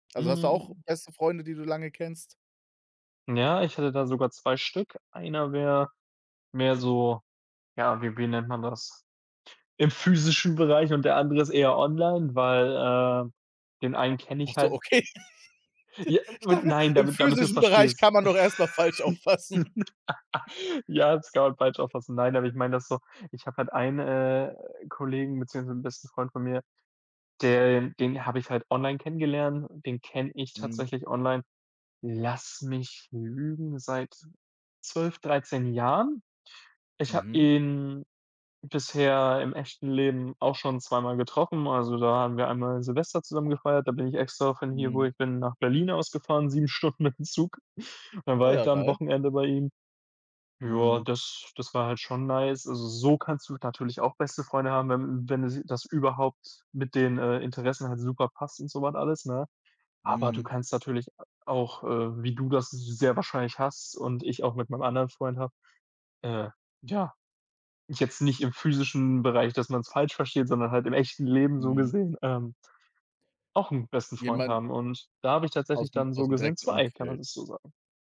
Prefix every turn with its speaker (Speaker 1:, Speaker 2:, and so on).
Speaker 1: Also hast du auch
Speaker 2: Mhm.
Speaker 1: beste Freunde, die du lange kennst?
Speaker 2: Ja, ich hätte da sogar 2 Stück. Einer wär mehr so, ja, wie wie nennt man das? Im physischen Bereich und der andere ist eher online, weil, äh, den einen kenne
Speaker 1: Ach
Speaker 2: ich
Speaker 1: so,
Speaker 2: halt.
Speaker 1: okay.
Speaker 2: J
Speaker 1: Ich
Speaker 2: und
Speaker 1: dachte
Speaker 2: nein,
Speaker 1: im
Speaker 2: damit damit du's
Speaker 1: physischen Bereich
Speaker 2: verstehst.
Speaker 1: kann man doch erst mal falsch auffassen.
Speaker 2: Ja, das kann man falsch auffassen. Nein, aber ich meine das so: Ich habe halt einen, äh, Kollegen beziehungsweise 'n besten Freund von mir, der den habe ich halt online kennengelernt, den kenne ich
Speaker 1: Mhm.
Speaker 2: tatsächlich online, lass mich lügen, seit 12, 13 Jahren. Ich habe
Speaker 1: Mhm.
Speaker 2: ihn bisher im echten Leben auch schon zweimal getroffen, also, da haben wir einmal Silvester zusammen gefeiert, da bin ich extra von hier, wo
Speaker 1: Mhm.
Speaker 2: ich bin, nach Berlin aus gefahren, 7 Stunden mit'm Zug. Dann
Speaker 1: Oh
Speaker 2: war ich
Speaker 1: ja,
Speaker 2: da 'n
Speaker 1: geil.
Speaker 2: Wochenende bei ihm. Ja,
Speaker 1: Mhm.
Speaker 2: das das war halt schon nice. Also so kannst du natürlich auch beste Freunde haben, wenn wenn das überhaupt mit den, äh, Interessen halt super passt und so was alles, ne? Aber du
Speaker 1: Mhm.
Speaker 2: kannst natürlich a auch, äh, wie du das sehr wahrscheinlich hast und ich auch mit meinem anderen Freund habe, äh, ja, jetzt nicht im physischen Bereich, dass man's falsch versteht, sondern halt im echten Leben so
Speaker 1: Mhm.
Speaker 2: gesehen, ähm auch 'n besten Freund
Speaker 1: Jemand
Speaker 2: haben und da habe ich tatsächlich
Speaker 1: aus'm
Speaker 2: dann so
Speaker 1: aus'm
Speaker 2: gesehen
Speaker 1: direkten
Speaker 2: zwei, kann man
Speaker 1: Umfeld.
Speaker 2: das so sagen.